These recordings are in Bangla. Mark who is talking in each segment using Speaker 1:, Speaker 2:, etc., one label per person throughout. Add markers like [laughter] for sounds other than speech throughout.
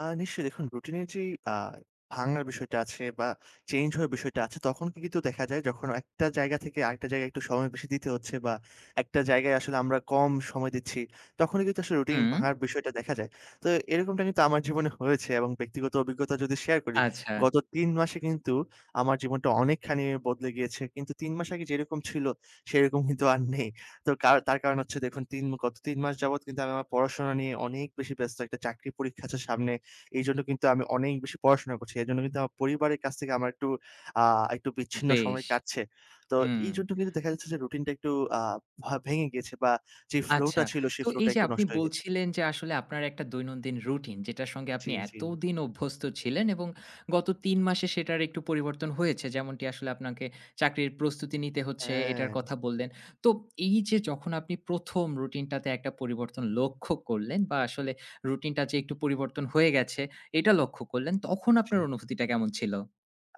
Speaker 1: আ নিশ্চয়ই দেখুন রুটিনের যেই আ ভাঙ্গার বিষয়টা আছে বা চেঞ্জ হওয়ার বিষয়টা আছে, তখন কি কিন্তু দেখা যায় যখন একটা জায়গা থেকে আরেকটা জায়গায় একটু সময় বেশি দিতে হচ্ছে। বা একটা জায়গায় আসলে আমরা কম সময় দিচ্ছি, তখনই কিন্তু আসলে রুটিন
Speaker 2: হুম।
Speaker 1: ভাঙার বিষয়টা দেখা যায়। তো এরকমটা কিন্তু আমার জীবনে হয়েছে এবং ব্যক্তিগত অভিজ্ঞতা যদি শেয়ার করি,
Speaker 2: আচ্ছা।
Speaker 1: গত ৩ মাসে কিন্তু আমার জীবনটা অনেকখানি বদলে গিয়েছে। কিন্তু ৩ মাস আগে যেরকম ছিল সেরকম [scoffs] কিন্তু আর নেই। তো কার তার কারণ হচ্ছে দেখুন ৩ মু গত ৩ মাস যাবৎ কিন্তু আমি আমার পড়াশোনা নিয়ে অনেক বেশি ব্যস্ত, একটা চাকরির পরীক্ষা আছে সামনে। এইজন্য কিন্তু আমি অনেক বেশি পড়াশোনা করছি। এজন্য কিন্তু আমার পরিবারের কাছ থেকে আমার একটু আ একটু বিচ্ছিন্ন
Speaker 2: বেশ!
Speaker 1: সময় কাটছে। তো
Speaker 2: হুম।
Speaker 1: এইজন্য কিন্তু দেখা যাচ্ছে যে রুটিনটা একটু আ ভা ভেঙে গেছে বা যে ফ্লো
Speaker 2: আচ্ছা।
Speaker 1: টা ছিল
Speaker 2: তো
Speaker 1: সেই ফ্লো টা
Speaker 2: এইযে
Speaker 1: একটু
Speaker 2: আপনি
Speaker 1: নষ্ট হয়ে গেছে।
Speaker 2: বলছিলেন যে, আসলে আপনার একটা দৈনন্দিন রুটিন, যেটার সঙ্গে
Speaker 1: জি,
Speaker 2: আপনি
Speaker 1: জি।
Speaker 2: এতদিন অভ্যস্ত ছিলেন এবং গত ৩ মাসে সেটার একটু পরিবর্তন হয়েছে। যেমনটি আসলে আপনাকে চাকরির প্রস্তুতি নিতে হচ্ছে এটার
Speaker 1: হ্যাঁ!
Speaker 2: কথা বললেন। তো এইযে যখন আপনি ১ম রুটিনটাতে একটা পরিবর্তন লক্ষ্য করলেন বা আসলে রুটিনটা যে একটু পরিবর্তন হয়ে গেছে, এটা লক্ষ্য করলেন। তখন আপনার
Speaker 1: সু
Speaker 2: অনুভূতিটা কেমন ছিল?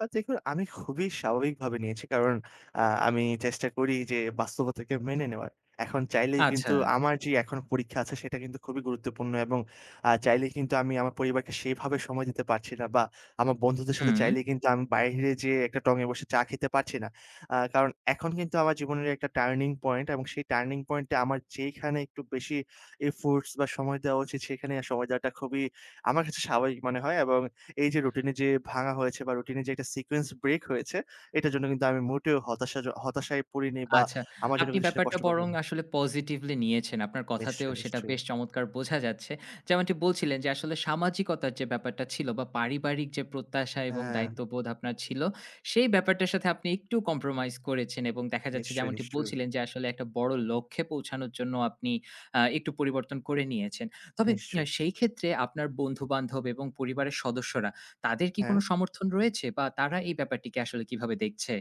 Speaker 1: আ দেখুন আমি খুবই স্বাভাবিকভাবে নিয়েছি। কারণ আ আমি চেষ্টা করি যে বাস্তবতাকে মেনে নেওয়ার। এখন চাইলেই
Speaker 2: আচ্ছা।
Speaker 1: কিন্তু আমার যে এখন পরীক্ষা আছে সেটা কিন্তু খুবই গুরুত্বপূর্ণ এবং আ চাইলেই কিন্তু আমি আমার পরিবারকে সেভাবে সময় দিতে পারছি না বা আমার বন্ধুদের সাথে
Speaker 2: হুম।
Speaker 1: চাইলেই কিন্তু আমি বাহিরে যেয়ে একটা টঙে বসে চা খেতে পারছি না। আ কারণ এখন কিন্তু আমার জীবনের একটা টার্নিং পয়েন্ট এবং সেই টার্নিং পয়েন্ট এ আমার যেখানে একটু বেশি এফোর্টস বা সময় দেওয়া উচিত সেখানে আ সময় দেওয়াটা খুবই আমার কাছে স্বাভাবিক মনে হয়। এবং এই যে রুটিনে যে ভাঙা হয়েছে বা রুটিনের যে একটা সিকোয়েন্স ব্রেক হয়েছে, এটার জন্য কিন্তু আমি মোটেও হতাশা জ হতাশায় পড়িনি বা
Speaker 2: আচ্ছা,
Speaker 1: আমার জন্য
Speaker 2: আপনি
Speaker 1: কিন্তু সেটা
Speaker 2: ব্যাপারটা
Speaker 1: কষ্টকর
Speaker 2: বরং
Speaker 1: হয়নি।
Speaker 2: আসলে পজিটিভলি নিয়েছেন। আপনার কথাতেও
Speaker 1: নিশ্চয়,
Speaker 2: সেটা
Speaker 1: নিশ্চয়ই।
Speaker 2: বেশ চমৎকার বোঝা যাচ্ছে। যেমনটি বলছিলেন যে আসলে সামাজিকতার যে ব্যাপারটা ছিল বা পারিবারিক যে প্রত্যাশা এবং
Speaker 1: হ্যাঁ।
Speaker 2: দায়িত্ববোধ আপনার ছিল, সেই ব্যাপারটার সাথে আপনি একটু কম্প্রোমাইজ করেছেন এবং দেখা যাচ্ছে
Speaker 1: নিশ্চয়,
Speaker 2: যেমনটি
Speaker 1: নিশ্চয়ই।
Speaker 2: বলছিলেন যে আসলে একটা বড় লক্ষ্যে পৌঁছানোর জন্য আপনি আ একটু পরিবর্তন করে নিয়েছেন। তবে আ
Speaker 1: নিশ্চয়ই।
Speaker 2: সেইক্ষেত্রে আপনার বন্ধু-বান্ধব এবং পরিবারের সদস্যরা, তাদের কি কোন
Speaker 1: হ্যাঁ?
Speaker 2: সমর্থন রয়েছে বা তারা এই ব্যাপারটিকে আসলে কিভাবে দেখছে?